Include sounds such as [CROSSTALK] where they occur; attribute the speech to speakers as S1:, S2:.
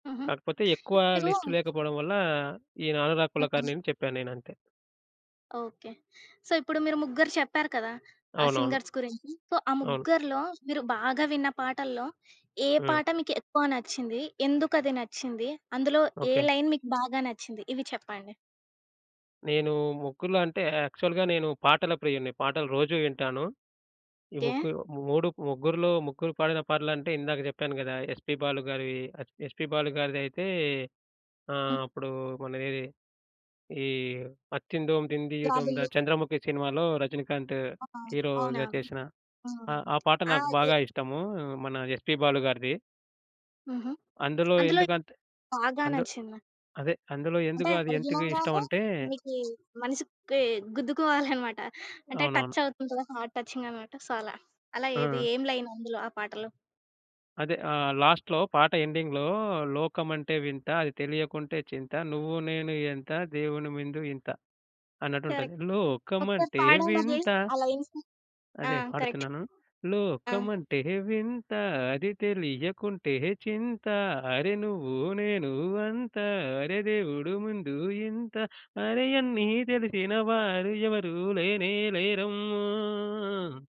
S1: హుహు.
S2: కాకపోతే ఎక్కువ
S1: మీరూ
S2: లిస్ట్ లేకపోవడం వల్ల, ఈయన అనురాగ్
S1: హ్మ్.
S2: కులకర్ణి అని చెప్పా‌నేనంతే.
S1: ఓకే. సో, ఇప్పుడు మీరు ముగ్గురు చెప్పారు కదా! ఆ
S2: అవునవును.
S1: సింగర్స్ గురించి. సో, ఆ
S2: అవును.
S1: ముగ్గురిలో, మీరు బాగా విన్న పాటల్లో ఏ
S2: హ్మ్.
S1: పాట మీకెక్కువ నచ్చింది? ఎందుకు అది నచ్చింది? అందులో ఏ
S2: ఓకే.
S1: లైన్ మీకు బాగా నచ్చింది ఇవి చెప్పండి?
S2: నేను ముగ్గురు‌లో అంటే, యాక్చువల్‌గా నేను పాటల ప్రియుడిని. పాటలు రోజు వింటాను. ఈ
S1: ఓకే.
S2: ముగ్గురు మూడు ముగ్గురిలో ముగ్గురు పాడిన పాటలంటే ఇందాక జెప్పాను గదా! ఎస్‌పి బాలు గారివి S‌ P S‌ P Balu గారిదైతే ఆహ్,
S1: హ్మ్.
S2: అప్పుడు మనదేది ఈ అత్తిందోం తింధియం తొందా
S1: జాబిల్లికొ
S2: 'చంద్రముఖి' సినిమాలో రజనీకాంత్
S1: ఆ! ఆ! అవునా?
S2: హీరోగా చేసిన
S1: ఆ!
S2: ఆ ఆ పాట నాకు
S1: ఆది
S2: బాగా ఇష్టము మన ఎస్‌పి బాలు గారిది.
S1: హుహు.
S2: అందులో
S1: అందులో ఏది
S2: ఎందుకంటే
S1: బాగా
S2: అందు
S1: నచ్చింది.
S2: అదే అందులో
S1: అంటే
S2: ఎందుకు
S1: అది
S2: అదేంటీవీ
S1: వినగానే,
S2: ఇష్టమంటే
S1: మీకి మనసుకి గుద్దుకోవాలన్నమాట. [CHUCKLES] అంటే
S2: అవునవును.
S1: టచ్చావుతుంది కదా హార్ట్ టచింగన్నమాట. సో, అలా. అలా ఏది
S2: ఆ!
S1: ఏం లైన్ అందులో ఆ పాటలో?
S2: అదే ఆహ్, లాస్ట్‌లో పాట ఎండింగ్‌లో 'లోకమంటే వింతా, అది తెలియకుంటే చింతా, నువ్వు నేను ఎంత, దేవుని మందు ఇంత' అన్నట్టుంటది.
S1: కరెక్ట్. ఒకసారి
S2: లోకమంటే
S1: పాడండది
S2: వింతా.
S1: ఆ లైన్స్. ఆ!
S2: అదే
S1: కరెక్టు.
S2: పాడుతున్నాను.
S1: ఆ!
S2: లోకమంటే వింతా, అది తెలియకుంటే చింతా, అరె నువ్వు నేను అంతా, అరె దేవుడు ముందు ఇంతా, అరె అన్ని తెలిసిన వారు ఎవరు లేనే లేరమ్మా.